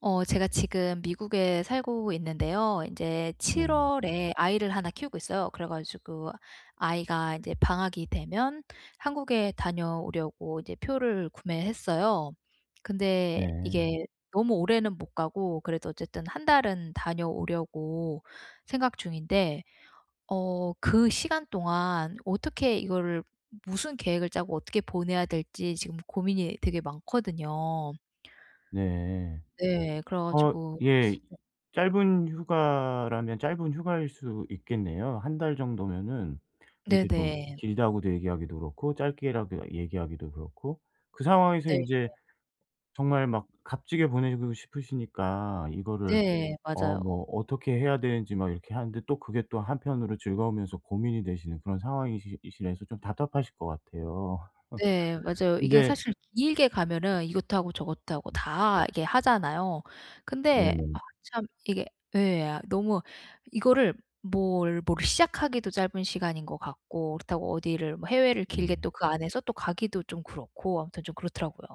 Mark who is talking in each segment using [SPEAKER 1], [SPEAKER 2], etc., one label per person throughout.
[SPEAKER 1] 어 제가 지금 미국에 살고 있는데요 인제 7
[SPEAKER 2] 네.
[SPEAKER 1] 월에 아이를 1 키우고 있어요. 그래 가지고 아이가 이제 방학이 되면 한국에 다녀오려고 이제 표를 구매했어요. 근데
[SPEAKER 2] 네.
[SPEAKER 1] 이게 너무 오래는 못 가고 그래도 어쨌든 1 달은 다녀오려고 생각 중인데 어 그 시간 동안 어떻게 이거를 무슨 계획을 짜고 어떻게 보내야 될지 지금 고민이 되게 많거든요.
[SPEAKER 2] 네.
[SPEAKER 1] 네. 그래
[SPEAKER 2] 어
[SPEAKER 1] 가지고
[SPEAKER 2] 예. 짧은 휴가라면 짧은 휴가일 수 있겠네요. 1 달 정도면은 이렇게 좀
[SPEAKER 1] 네네.
[SPEAKER 2] 길다고도 얘기하기도 그렇고 짧게라도 얘기하기도 그렇고 그 상황에서
[SPEAKER 1] 네.
[SPEAKER 2] 인제
[SPEAKER 1] [unintelligible]
[SPEAKER 2] 정말 막 값지게 보내고 싶으시니까 이거를
[SPEAKER 1] 네.
[SPEAKER 2] 어
[SPEAKER 1] 맞아요.
[SPEAKER 2] '뭐 어떻게 해야 되는지.' 막 이렇게 하는데 또 그게 또 한편으로 즐거우면서 고민이 되시는 그런 상황이시 이시라서 좀 답답하실 것 같아요.
[SPEAKER 1] 네 맞아요. 이게
[SPEAKER 2] 근데
[SPEAKER 1] 사실 길게 가면은 이것도 하고 저것도 하고 다 이렇게 하잖아요. 근데
[SPEAKER 2] 네네.
[SPEAKER 1] 아 참 이게 예 너무 이거를 뭘 뭘 시작하기도 짧은 시간인 것 같고 그렇다고 어디를 뭐 해외를 길게
[SPEAKER 2] 네.
[SPEAKER 1] 또 그 안에서 또 가기도 좀 그렇고 아무튼 좀 그렇더라고요.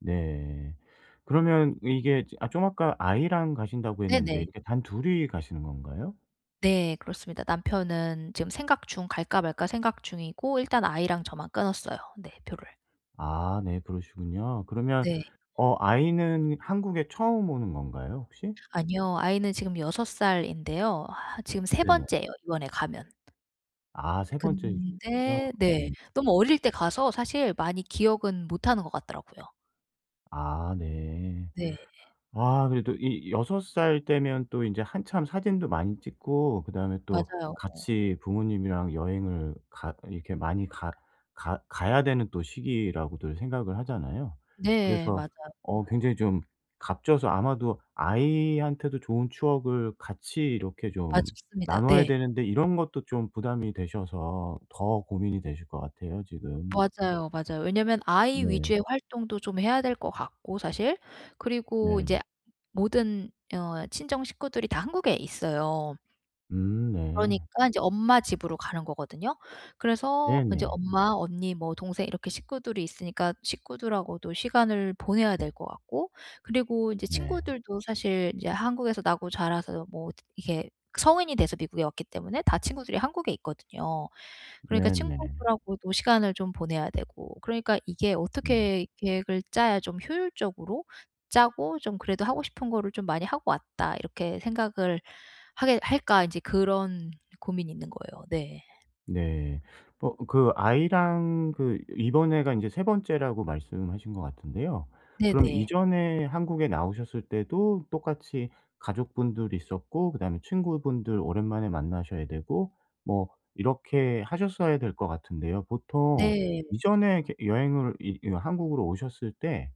[SPEAKER 2] 네. 그러면 이게 저 아 좀 아까 아이랑 가신다고 했는데
[SPEAKER 1] 네네.
[SPEAKER 2] 이게 단둘이 가시는 건가요?
[SPEAKER 1] 네. 그렇습니다. 남편은 지금 생각 중 '갈까 말까.' 생각 중이고 일단 아이랑 저만 끊었어요. 네, 표를.
[SPEAKER 2] 아 네 그러시군요. 그러면
[SPEAKER 1] 네.
[SPEAKER 2] 어 아이는 한국에 처음 오는 건가요 혹시?
[SPEAKER 1] 아니요. 아이는 지금 6 살인데요. 아 지금 3
[SPEAKER 2] 네네.
[SPEAKER 1] 번째에요 이번에 가면.
[SPEAKER 2] 아 3 번째이시군요.
[SPEAKER 1] 근데
[SPEAKER 2] 예.
[SPEAKER 1] 네. 너무 어릴 때 가서 사실 많이 기억은 못하는 것 같더라고요.
[SPEAKER 2] 아 네.
[SPEAKER 1] 네.
[SPEAKER 2] 아 그래도 이 6 살 때면 또 인제 한참 사진도 많이 찍고 그다음에 또
[SPEAKER 1] 맞아요. 어.
[SPEAKER 2] 같이 부모님이랑 여행을 가 이렇게 많이 가 가 가야 되는 또 시기라고들 생각을 하잖아요.
[SPEAKER 1] 네.
[SPEAKER 2] 그래서
[SPEAKER 1] 맞아요.
[SPEAKER 2] 어
[SPEAKER 1] [unintelligible]
[SPEAKER 2] 굉장히 좀 값져서 아마도 아이한테도 좋은 추억을 같이 이렇게
[SPEAKER 1] 아
[SPEAKER 2] 좀
[SPEAKER 1] 좋습니다.
[SPEAKER 2] 나눠야
[SPEAKER 1] 네.
[SPEAKER 2] 되는데 이런 것도 좀 부담이 되셔서 더 고민이 되실 것 같아요 지금.
[SPEAKER 1] 맞아요, 맞아요. 왜냐면 아이
[SPEAKER 2] 네.
[SPEAKER 1] 위주의 활동도 좀 해야 될 것 같고 사실. 그리고
[SPEAKER 2] 네.
[SPEAKER 1] 인제 모든 어 친정 식구들이 다 한국에 있어요.
[SPEAKER 2] 음 네.
[SPEAKER 1] 그러니깐 인제 엄마 집으로 가는 거거든요. 그래서 인제
[SPEAKER 2] 네네.
[SPEAKER 1] 엄마, 언니, 뭐 동생 이렇게 식구들이 있으니까 식구들하고도 시간을 보내야 될 것 같고 그리고 이제
[SPEAKER 2] 네.
[SPEAKER 1] 친구들도 사실 인제 한국에서 나고 자라서 뭐 이게 성인이 돼서 미국에 왔기 때문에 다 친구들이 한국에 있거든요. 그러니까
[SPEAKER 2] 네네.
[SPEAKER 1] 친구들하고도 시간을 좀 보내야 되고 그러니까 이게
[SPEAKER 2] 네.
[SPEAKER 1] 어떻게 계획을 짜야 좀 효율적으로 짜고 좀 그래도 '하고 싶은 거를 좀 많이 하고 왔다.' 이렇게 생각을 하게 할까? 인제 그런 고민이 있는 거예요. 네.
[SPEAKER 2] 네. 뭐 그 아이랑 그 이번에가 인제 3 번째라고 말씀하신 거 같은데요.
[SPEAKER 1] 네.
[SPEAKER 2] 그럼
[SPEAKER 1] 네.
[SPEAKER 2] 이전에 한국에 나오셨을 때도 똑같이 가족분들 있었고 그다음에 친구분들 오랜만에 만나셔야 되고 뭐 이렇게 하셨어야 될 것 같은데요. 보통
[SPEAKER 1] 네.
[SPEAKER 2] 이전에 이렇게 여행을 이 이런 한국으로 오셨을 때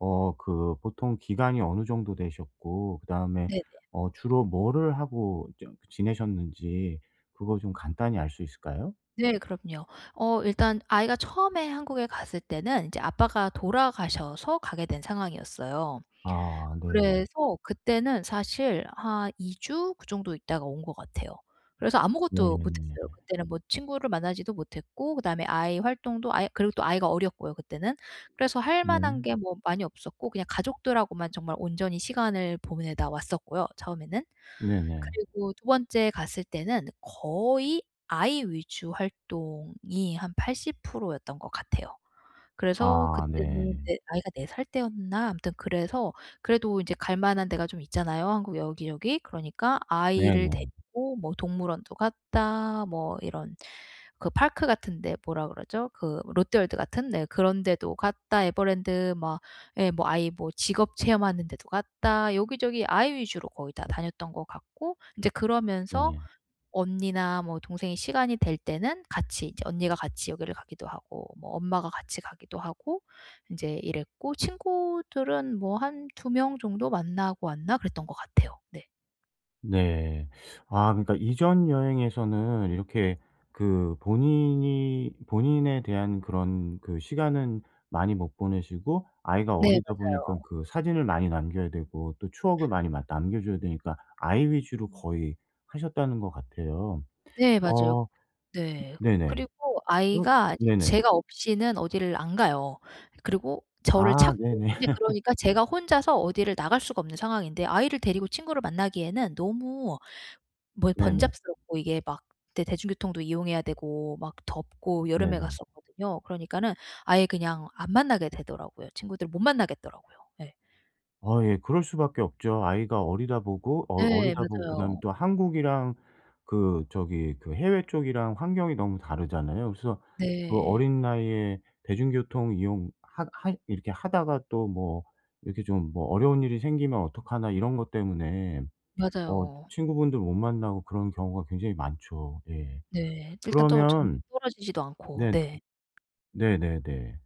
[SPEAKER 2] 어 그 보통 기간이 어느 정도 되셨고 그다음에
[SPEAKER 1] 네네.
[SPEAKER 2] 어 주로 뭐를 하고 좀 그 지내셨는지 그거 좀 간단히 알 수 있을까요?
[SPEAKER 1] 네. 그럼요. 어 일단 아이가 처음에 한국에 갔을 때는 인제 아빠가 돌아가셔서 가게 된 상황이었어요.
[SPEAKER 2] 아 네.
[SPEAKER 1] 그래서 그때는 사실 한 2 주 그 정도 있다가 온 것 같아요. 그래서 아무것도 못
[SPEAKER 2] 네네.
[SPEAKER 1] 했어요. 그때는 뭐 친구를 만나지도 못했고 그다음에 아이 활동도 아예 그리고 또 아이가 어렸고요 그때는. 그래서 할 만한
[SPEAKER 2] 네.
[SPEAKER 1] 게 뭐 많이 없었고 그냥 가족들하고만 정말 온전히 시간을 보내다 왔었고요 처음에는.
[SPEAKER 2] 네네.
[SPEAKER 1] 그리고 2 번째 갔을 때는 거의 아이 위주 활동이 한 80% 였던 것 같아요. 그래서
[SPEAKER 2] 아
[SPEAKER 1] 그때는
[SPEAKER 2] 네.
[SPEAKER 1] 네 아이가 4 살 때였나? 아무튼 그래서 그래도 이제 갈 만한 데가 좀 있잖아요 한국 여기저기. 그러니까 아이를
[SPEAKER 2] 네네.
[SPEAKER 1] 데리고 뭐 동물원도 갔다 뭐 이런 그 park 같은 데 뭐라 그러죠? 그 롯데월드 같은. 네 그런 데도 갔다 에버랜드 막 예 뭐 아이 뭐 직업 체험하는 데도 갔다 여기저기 아이 위주로 거의 다 다녔던 것 같고 인제 그러면서
[SPEAKER 2] 네.
[SPEAKER 1] 언니나 뭐 동생이 시간이 될 때는 같이 이제 언니가 같이 여기를 가기도 하고 뭐 엄마가 같이 가기도 하고 인제 이랬고 친구들은 뭐 한 2 명 정도 만나고 왔나 그랬던 것 같아요. 네.
[SPEAKER 2] 네. 아 그러니까 이전 여행에서는 이렇게 그 본인이 본인에 대한 그런 그 시간은 많이 못 보내시고 아이가
[SPEAKER 1] 네
[SPEAKER 2] 어리다 보니까
[SPEAKER 1] 맞아요.
[SPEAKER 2] 그 사진을 많이 남겨야 되고 또 추억을 많이 막 남겨 줘야 되니까 아이 위주로 거의 하셨다는 것 같아요.
[SPEAKER 1] 네 맞아요.
[SPEAKER 2] 어
[SPEAKER 1] 네.
[SPEAKER 2] 네네.
[SPEAKER 1] 그리고
[SPEAKER 2] 어
[SPEAKER 1] 아이가 이제
[SPEAKER 2] 네네.
[SPEAKER 1] 제가 없이는 어디를 안 가요 그리고 저를
[SPEAKER 2] 아
[SPEAKER 1] 찾고.
[SPEAKER 2] 네네.
[SPEAKER 1] 이제 그러니까 제가 혼자서 어디를 나갈 수가 없는 상황인데 아이를 데리고 친구를 만나기에는 너무 뭐 이
[SPEAKER 2] 네네.
[SPEAKER 1] 번잡스럽고 이게 막 대 대중교통도 이용해야 되고 막 덥고 여름에
[SPEAKER 2] 네네.
[SPEAKER 1] 갔었거든요. 그러니까는 아예 그냥 안 만나게 되더라고요. 친구들 못 만나겠더라고요. 예.
[SPEAKER 2] 어 예 그럴 수밖에 없죠. 아이가 어리다 보고 어
[SPEAKER 1] 네
[SPEAKER 2] 어리다 보고 그다음에
[SPEAKER 1] 맞아요.
[SPEAKER 2] 또 한국이랑 그 저기 그 해외 쪽이랑 환경이 너무 다르잖아요. 그래서 그
[SPEAKER 1] 네.
[SPEAKER 2] 어린 나이에 대중교통 이용 하 하 이렇게 하다가 또 뭐 이렇게 좀 뭐 '어려운 일이 생기면 어떡하나.' 이런 것 때문에 어
[SPEAKER 1] 맞아요.
[SPEAKER 2] 친구분들 못 만나고 그런 경우가 굉장히 많죠. 예.
[SPEAKER 1] 네. 일단 또 좀
[SPEAKER 2] 그러면
[SPEAKER 1] 떨어지지도 않고.
[SPEAKER 2] 네.
[SPEAKER 1] 네.
[SPEAKER 2] 네네네.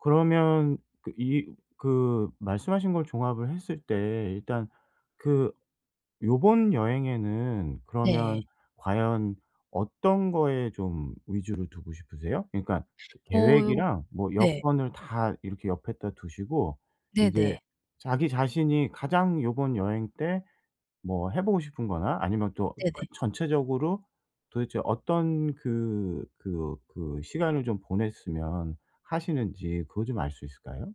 [SPEAKER 2] 그러면 그 이 그 말씀하신 걸 종합을 했을 때 일단 그 요번 여행에는
[SPEAKER 1] 네.
[SPEAKER 2] 그러면 과연 어떤 거에 좀 위주로 두고 싶으세요? 그러니까 그
[SPEAKER 1] [unintelligible]
[SPEAKER 2] 계획이랑 뭐
[SPEAKER 1] 네.
[SPEAKER 2] 여건을 다 이렇게 옆에다 두시고 인제
[SPEAKER 1] 네네.
[SPEAKER 2] 자기 자신이 가장 요번 여행 때 뭐 해보고 싶은 거나 아니면 또 그
[SPEAKER 1] 네네.
[SPEAKER 2] 전체적으로 도대체 어떤 그 그 그 시간을 좀 보냈으면 하시는지 그거 좀 알 수 있을까요?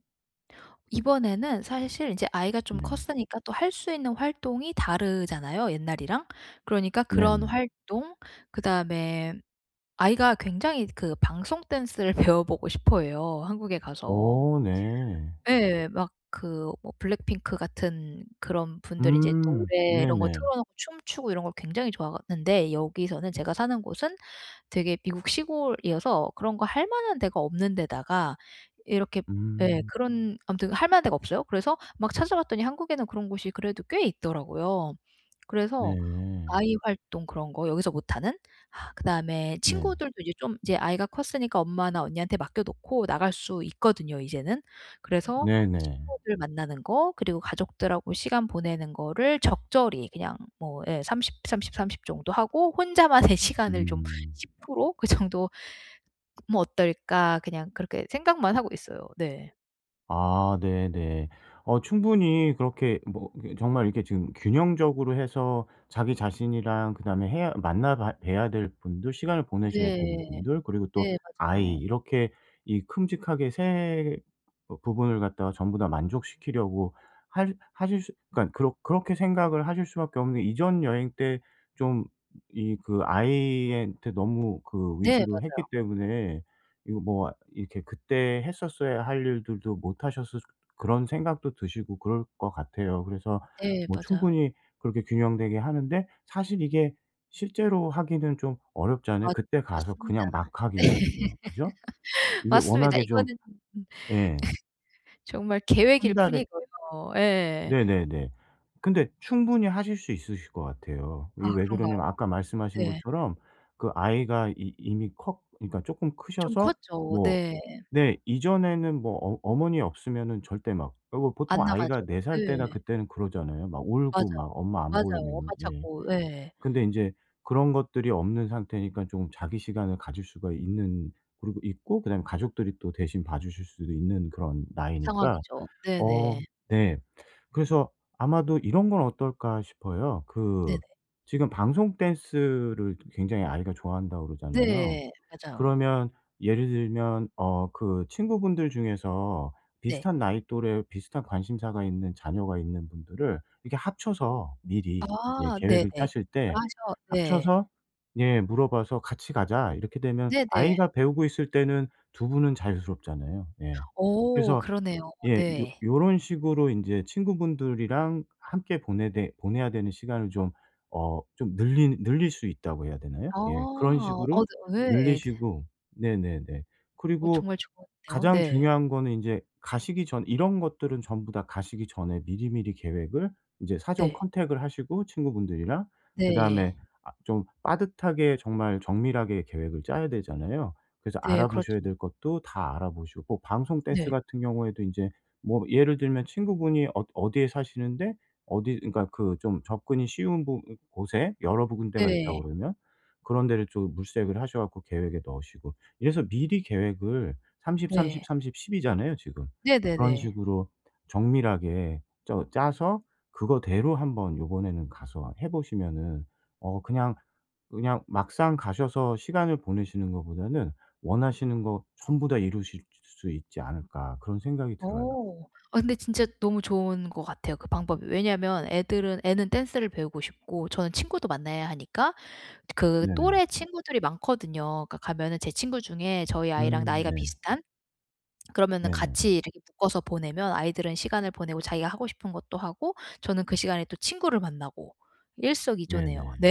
[SPEAKER 1] 이번에는 사실 인제 아이가 좀
[SPEAKER 2] 네.
[SPEAKER 1] 컸으니까 또 할 수 있는 활동이 다르잖아요 옛날이랑. 그러니까 그런
[SPEAKER 2] 네네.
[SPEAKER 1] 활동 그다음에 아이가 굉장히 그 방송 댄스를 배워보고 싶어해요 한국에 가서.
[SPEAKER 2] 어 네.
[SPEAKER 1] 예 막 그 뭐 블랙핑크 같은 그런 분들이 이제
[SPEAKER 2] 음.
[SPEAKER 1] 노래 이런 거
[SPEAKER 2] 네네.
[SPEAKER 1] 틀어놓고 춤추고 이런 걸 굉장히 좋아하는데 여기서는 제가 사는 곳은 되게 미국 시골이어서 그런 거 할 만한 데가 없는 데다가 이렇게 예
[SPEAKER 2] 음.
[SPEAKER 1] 그런 아무튼 할 만한 데가 없어요. 그래서 막 찾아봤더니 한국에는 그런 곳이 그래도 꽤 있더라고요. 그래서
[SPEAKER 2] 네.
[SPEAKER 1] 아이 활동 그런 거 여기서 못하는. 그다음에
[SPEAKER 2] 네.
[SPEAKER 1] 친구들도 이제 좀 이제 아이가 컸으니까 엄마나 언니한테 맡겨 놓고 나갈 수 있거든요 이제는. 그래서
[SPEAKER 2] 네네.
[SPEAKER 1] 친구들 만나는 거 그리고 가족들하고 시간 보내는 거를 적절히 그냥 뭐 예 30, 30, 30, 정도 하고' 혼자만의 시간을 좀
[SPEAKER 2] 음.
[SPEAKER 1] 10% 그 정도 뭐 어떨까.' 그냥 그렇게 생각만 하고 있어요. 네.
[SPEAKER 2] 아 네네. 어 충분히 그렇게 뭐 그 정말 이렇게 지금 균형적으로 해서 자기 자신이랑 그다음에 해야 만나 봐 봬야 될 분들, 시간을 보내셔야 되는
[SPEAKER 1] 네.
[SPEAKER 2] 분들, 그리고 또
[SPEAKER 1] 네
[SPEAKER 2] 아이
[SPEAKER 1] 맞아요.
[SPEAKER 2] 이렇게 이 큼직하게 3 부분을 갖다가 전부 다 만족시키려고 할 하실 수 그러니까 그렇 그렇게 생각을 하실 수밖에 없는 게 이전 여행 때 좀 이 그 아이한테 너무 그
[SPEAKER 1] 네
[SPEAKER 2] 위주로
[SPEAKER 1] 맞아요.
[SPEAKER 2] 했기 때문에 이거 뭐 이렇게 그때 했었어야 할 일들도 못 하셨을 그런 생각도 드시고 그럴 거 같아요. 그래서
[SPEAKER 1] 예
[SPEAKER 2] 뭐
[SPEAKER 1] 맞아요.
[SPEAKER 2] 충분히 그렇게 균형되게 하는데 사실 이게 실제로 하기는 좀 어렵잖아요.
[SPEAKER 1] 맞
[SPEAKER 2] 그때 가서
[SPEAKER 1] 맞습니다.
[SPEAKER 2] 그냥 막
[SPEAKER 1] 네.
[SPEAKER 2] 하기에는요. 그죠? 이게
[SPEAKER 1] 맞습니다.
[SPEAKER 2] 워낙에 좀
[SPEAKER 1] 이거는 음음
[SPEAKER 2] 예.
[SPEAKER 1] 정말 계획일
[SPEAKER 2] 1 달에
[SPEAKER 1] 뿐이고요. 예.
[SPEAKER 2] 네네네. 근데 충분히 하실 수 있으실 거 같아요. 이게
[SPEAKER 1] 아
[SPEAKER 2] 왜
[SPEAKER 1] 그런가요?
[SPEAKER 2] 그러냐면 아까 말씀하신
[SPEAKER 1] 네.
[SPEAKER 2] 것처럼 그 아이가 이 이미 커 그러니까 쪼끔
[SPEAKER 1] 좀
[SPEAKER 2] 크셔서
[SPEAKER 1] 컸죠.
[SPEAKER 2] 뭐
[SPEAKER 1] 네.
[SPEAKER 2] 네 이전에는 뭐 어 어머니 없으면은 절대 막 그리고 보통
[SPEAKER 1] 안
[SPEAKER 2] 아이가
[SPEAKER 1] 나가죠.
[SPEAKER 2] 4 살 때나
[SPEAKER 1] 네.
[SPEAKER 2] 그때는 그러잖아요 막 울고 막
[SPEAKER 1] 맞아요.
[SPEAKER 2] 엄마 안
[SPEAKER 1] 맞아요 엄마
[SPEAKER 2] 보이면은. 예.
[SPEAKER 1] 찾고. 예.
[SPEAKER 2] 근데 인제 그런 것들이 없는 상태니까 쪼금 자기 시간을 가질 수가 있는 그러고 있고 그다음에 가족들이 또 대신 봐주실 수도 있는 그런 나이니까.
[SPEAKER 1] 상황이죠.
[SPEAKER 2] 어
[SPEAKER 1] 네네.
[SPEAKER 2] 네. 그래서 아마도 '이런 건 어떨까?' 싶어요.
[SPEAKER 1] 네네.
[SPEAKER 2] 그 지금 방송 댄스를 굉장히 아이가 좋아한다고 그러잖아요.
[SPEAKER 1] 네. 맞아요.
[SPEAKER 2] 그러면 예를 들면 어 그 친구분들 중에서
[SPEAKER 1] 네.
[SPEAKER 2] 비슷한 나이 또래 비슷한 관심사가 있는 자녀가 있는 분들을 이렇게 합쳐서
[SPEAKER 1] 아
[SPEAKER 2] 미리 예
[SPEAKER 1] 네네.
[SPEAKER 2] 계획을 짜실 때
[SPEAKER 1] 연락하셔 네.
[SPEAKER 2] 합쳐서 예 물어봐서 "같이 가자." 이렇게 되면
[SPEAKER 1] 네네.
[SPEAKER 2] 아이가 배우고 있을 때는 2 분은 자유스럽잖아요. 예.
[SPEAKER 1] 오
[SPEAKER 2] 그래서
[SPEAKER 1] 그러네요.
[SPEAKER 2] 예. 요
[SPEAKER 1] 네.
[SPEAKER 2] 요런 식으로 인제 친구분들이랑 함께 보내되 보내야 되는 시간을 좀 어 좀 늘리 "늘릴 수 있다."고 해야 되나요?
[SPEAKER 1] 아.
[SPEAKER 2] 예 그런
[SPEAKER 1] 아
[SPEAKER 2] 식으로
[SPEAKER 1] 근데 왜 애드
[SPEAKER 2] 늘리시고 네네네.
[SPEAKER 1] 어
[SPEAKER 2] 그리고
[SPEAKER 1] 정말 좋은데요.
[SPEAKER 2] 가장
[SPEAKER 1] 네.
[SPEAKER 2] 중요한 거는 인제 가시기 전 이런 것들은 전부 다 가시기 전에 미리미리 계획을 인제 사전
[SPEAKER 1] 네.
[SPEAKER 2] 컨택을 하시고 친구분들이랑
[SPEAKER 1] 네.
[SPEAKER 2] 그다음에 아 좀 빠듯하게 정말 정밀하게 계획을 짜야 되잖아요. 그래서
[SPEAKER 1] 네
[SPEAKER 2] 알아보셔야
[SPEAKER 1] 그렇죠.
[SPEAKER 2] 될 것도 다 알아보시고 방송 댄스
[SPEAKER 1] 네.
[SPEAKER 2] 같은 경우에도 인제 뭐 예를 들면 친구분이 어 어디에 사시는데 어디 그러니까 그 좀 접근이 쉬운 부 곳에 여러 구 군데가
[SPEAKER 1] 네.
[SPEAKER 2] 있다고 그러면 그런 데를 좀 물색을 하셔 갖고 계획에 넣으시고. 이래서 미리 계획을 30, 30,
[SPEAKER 1] 네.
[SPEAKER 2] 30, 10 이잖아요 지금. 그런
[SPEAKER 1] 네네네.
[SPEAKER 2] 식으로 정밀하게 쩌 짜서 그거대로 한번 요번에는 가서 해 보시면은 어 그냥 그냥 막상 가셔서 시간을 보내시는 거보다는 '원하시는 거 전부 다 이루실 수 수 있지 않을까.' 그런 생각이 들어요.
[SPEAKER 1] 어. 아 근데 진짜 너무 좋은 거 같아요 그 방법이. 왜냐면 애들은 애는 댄스를 배우고 싶고 저는 친구도 만나야 하니까 그
[SPEAKER 2] 네네.
[SPEAKER 1] 또래 친구들이 많거든요. 그니까 가면은 제 친구 중에 저희 아이랑
[SPEAKER 2] 음
[SPEAKER 1] 나이가
[SPEAKER 2] 네.
[SPEAKER 1] 비슷한 그러면은
[SPEAKER 2] 네네.
[SPEAKER 1] 같이 이렇게 묶어서 보내면 아이들은 시간을 보내고 자기가 하고 싶은 것도 하고 저는 그 시간에 또 친구를 만나고 일석이조네요.
[SPEAKER 2] 네네.
[SPEAKER 1] 네.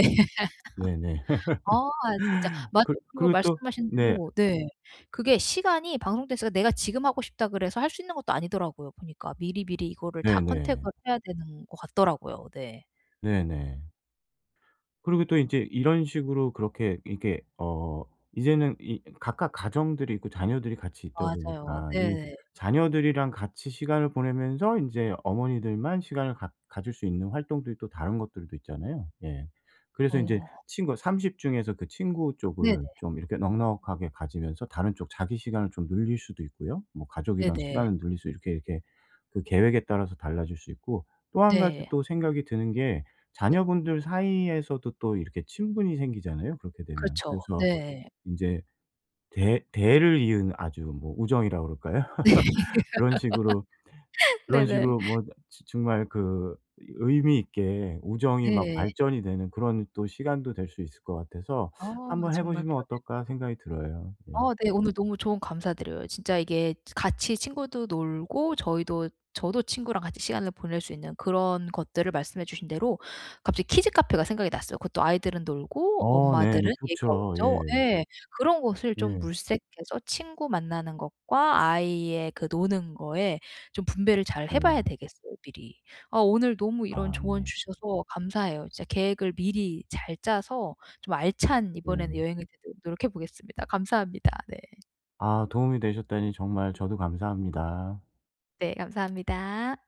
[SPEAKER 2] 네네.
[SPEAKER 1] 아 진짜 맞아요.
[SPEAKER 2] 그
[SPEAKER 1] 그리고
[SPEAKER 2] 그리고 또
[SPEAKER 1] 말씀하신
[SPEAKER 2] 네.
[SPEAKER 1] 대로 네. 그게 시간이 방송댄스가 내가 '지금 하고 싶다.' 그래서 할 수 있는 것도 아니더라고요 보니까. 미리미리 이거를 다
[SPEAKER 2] 네네.
[SPEAKER 1] 컨택을 해야 되는 것 같더라고요. 네.
[SPEAKER 2] 네네. 그리고 또 인제 이런 식으로 그렇게 이게 어 이제는 이 각각 가정들이 있고 자녀들이 같이 있다
[SPEAKER 1] 맞아요.
[SPEAKER 2] 보니까 이
[SPEAKER 1] 네.
[SPEAKER 2] 자녀들이랑 같이 시간을 보내면서 인제 어머니들만 시간을 갖 가질 수 있는 활동들이 또 다른 것들도 있잖아요. 예. 그래서 인제
[SPEAKER 1] 어.
[SPEAKER 2] 친구가 30 중에서 그 친구
[SPEAKER 1] 네네.
[SPEAKER 2] 쪽을 좀 이렇게 넉넉하게 가지면서 다른 쪽 자기 시간을 좀 늘릴 수도 있고요. 뭐 가족이랑
[SPEAKER 1] 네네.
[SPEAKER 2] 시간을 늘릴 수 이렇게, 이렇게 그 계획에 따라서 달라질 수 있고 또 1 가지
[SPEAKER 1] 네.
[SPEAKER 2] 또 생각이 드는 게
[SPEAKER 1] 네.
[SPEAKER 2] 자녀분들 사이에서도 또 이렇게 친분이 생기잖아요 그렇게 되면.
[SPEAKER 1] 그렇죠.
[SPEAKER 2] 그래서
[SPEAKER 1] 네.
[SPEAKER 2] 인제 대 대를 이은 아주 뭐 우정이라 그럴까요?
[SPEAKER 1] 네.
[SPEAKER 2] 그런 식으로 그런
[SPEAKER 1] 네네.
[SPEAKER 2] 식으로 뭐 즈 정말 그 의미 있게 우정이 막
[SPEAKER 1] 네.
[SPEAKER 2] 발전이 되는 그런 또 시간도 될 수 있을 것 같아서
[SPEAKER 1] 어
[SPEAKER 2] '한번 해
[SPEAKER 1] 정말
[SPEAKER 2] 보시면
[SPEAKER 1] 그러네요.
[SPEAKER 2] 어떨까?' 생각이 들어요. 예.
[SPEAKER 1] 아 네 오늘 너무 조언 감사드려요. 치 이게 같이 친구도 놀고 저희도 저도 친구랑 같이 시간을 보낼 수 있는 그런 것들을 말씀해 주신 대로 갑자기 키즈 카페가 생각이 났어요. 그것도 아이들은 놀고
[SPEAKER 2] 어
[SPEAKER 1] 엄마들은
[SPEAKER 2] 네네.
[SPEAKER 1] 얘기하고
[SPEAKER 2] 좋죠. 예.
[SPEAKER 1] 그죠? 예. 그런 것을 좀
[SPEAKER 2] 예.
[SPEAKER 1] 물색해서 친구 만나는 것과 아이의 그 노는 거에 좀 분배를 잘 해
[SPEAKER 2] 네.
[SPEAKER 1] 봐야 되겠어요 미리. 아 오늘 너무 이런
[SPEAKER 2] 아
[SPEAKER 1] 조언
[SPEAKER 2] 네.
[SPEAKER 1] 주셔서 감사해요. 진짜 계획을 미리 잘 짜서 좀 알찬 이번에는
[SPEAKER 2] 네.
[SPEAKER 1] 여행이 되도록 노력해 보겠습니다. 감사합니다. 네.
[SPEAKER 2] 아 도움이 되셨다니 정말 저도 감사합니다.
[SPEAKER 1] 네 감사합니다.